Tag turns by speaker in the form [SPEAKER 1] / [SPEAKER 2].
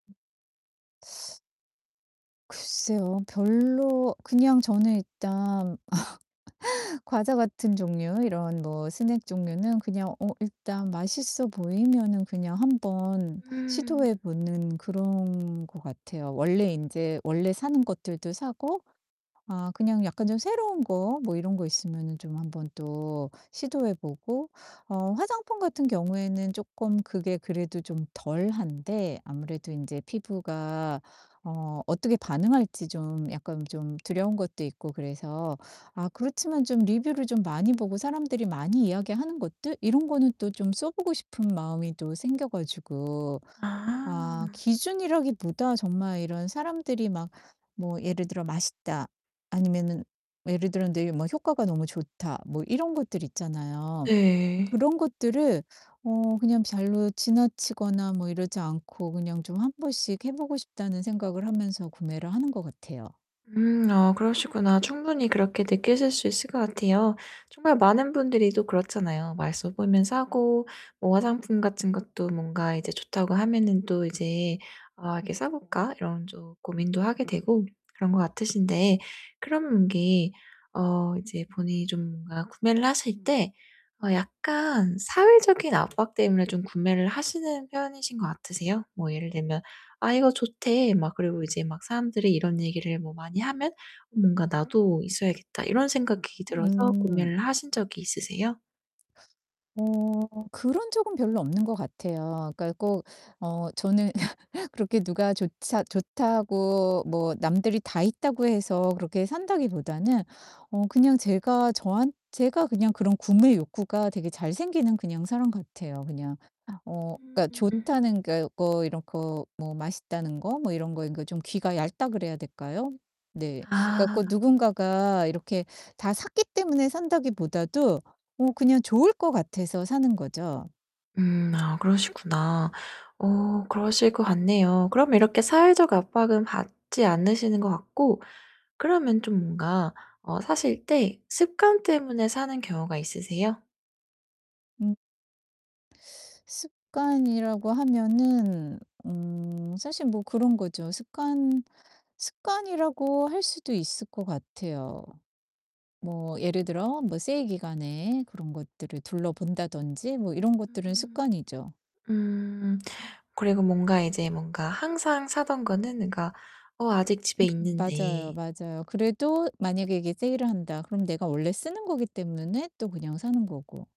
[SPEAKER 1] 글쎄요. 별로 그냥 저는 일단 과자 같은 종류, 이런 뭐 스낵 종류는 그냥 어 일단 맛있어 보이면은 그냥 한번
[SPEAKER 2] 음.
[SPEAKER 1] 시도해 보는 그런 거 같아요. 원래 인제 원래 사는 것들도 사고 아 그냥 약간 좀 새로운 거 뭐 이런 거 있으면은 좀 한번 또 시도해 보고 어 화장품 같은 경우에는 쪼끔 그게 그래도 좀 덜한데 아무래도 인제 피부가 어 어떻게 반응할지 좀 약간 좀 두려운 것도 있고 그래서 아 그렇지만 좀 리뷰를 좀 많이 보고 사람들이 많이 이야기하는 것들 이런 거는 또 좀 써 보고 싶은 마음이 또 생겨 가지고 아
[SPEAKER 2] 아.
[SPEAKER 1] 기준이라기보다 정말 이런 사람들이 막 뭐 예를 들어 "맛있다." 아니면은 예를 들어 네 뭐 "효과가 너무 좋다." 뭐 이런 것들 있잖아요.
[SPEAKER 2] 네.
[SPEAKER 1] 그런 것들을 어 그냥 별로 지나치거나 뭐 이러지 않고 그냥 좀 한번씩 해 보고 싶다는 생각을 하면서 구매를 하는 것 같아요.
[SPEAKER 2] 음 아 그러시구나. 충분히 그렇게 느끼실 수 있을 것 같아요. 정말 많은 분들이 또 그렇잖아요. 맛있어 보면 사고 뭐 화장품 같은 것도 뭔가 이제 좋다고 하면은 또 이제 아 이렇게 '사 볼까?' 이런 또 고민도 하게 되고 그런 것 같으신데 그럼 이게 어 이제 본인이 좀 뭔가 구매를 하실 때 어 약간 사회적인 압박 때문에 좀 구매를 하시는 편이신 거 같으세요? 뭐 예를 들면 "아 이거 좋대." 막 그리고 이제 막 사람들이 이런 얘기를 뭐 많이 하면 뭔가 '나도 있어야겠다.' 이런 생각이 들어서
[SPEAKER 1] 음.
[SPEAKER 2] 구매를 하신 적이 있으세요?
[SPEAKER 1] 어 그런 적은 별로 없는 것 같아요. 그러니까 꼭 어 저는 그렇게 누가 조차 좋다고 뭐 남들이 다 있다고 해서 그렇게 산다기보다는 어 그냥 제가 저한 제가 그냥 그런 구매 욕구가 되게 잘 생기는 그냥 사람 같아요 그냥. 어 그니까
[SPEAKER 2] 음.
[SPEAKER 1] 좋다는 게 거 뭐 이런 거 뭐 맛있다는 거 뭐 이런 거 그러니까 좀 귀가 얇다 그래야 될까요? 네. 그니까
[SPEAKER 2] 아.
[SPEAKER 1] 꼭 누군가가 이렇게 다 샀기 때문에 산다기 보다도 어 그냥 좋을 거 같아서 사는 거죠.
[SPEAKER 2] 음 아 그러시구나. 어 그러실 것 같네요. 그럼 이렇게 사회적 압박은 받지 않으시는 것 같고 그러면 좀 뭔가 어 사실 때 습관 때문에 사는 경우가 있으세요?
[SPEAKER 1] 음. 습관이라고 하면은 음 사실 뭐 그런 거죠. 습관 습관이라고 할 수도 있을 것 같아요. 뭐 예를 들어 뭐 세일 기간에 그런 것들을 둘러본다든지 뭐 이런 것들은 습관이죠.
[SPEAKER 2] 음. 음. 그리고 뭔가 이제 뭔가 항상 사던 거는 그러니까 어 아직 집에
[SPEAKER 1] 음 맞아요,
[SPEAKER 2] 있는데
[SPEAKER 1] 맞아요. 그래도 '만약에 이게 세일을 한다.' 그럼 내가 원래 쓰는 거기 때문에 또 그냥 사는 거고.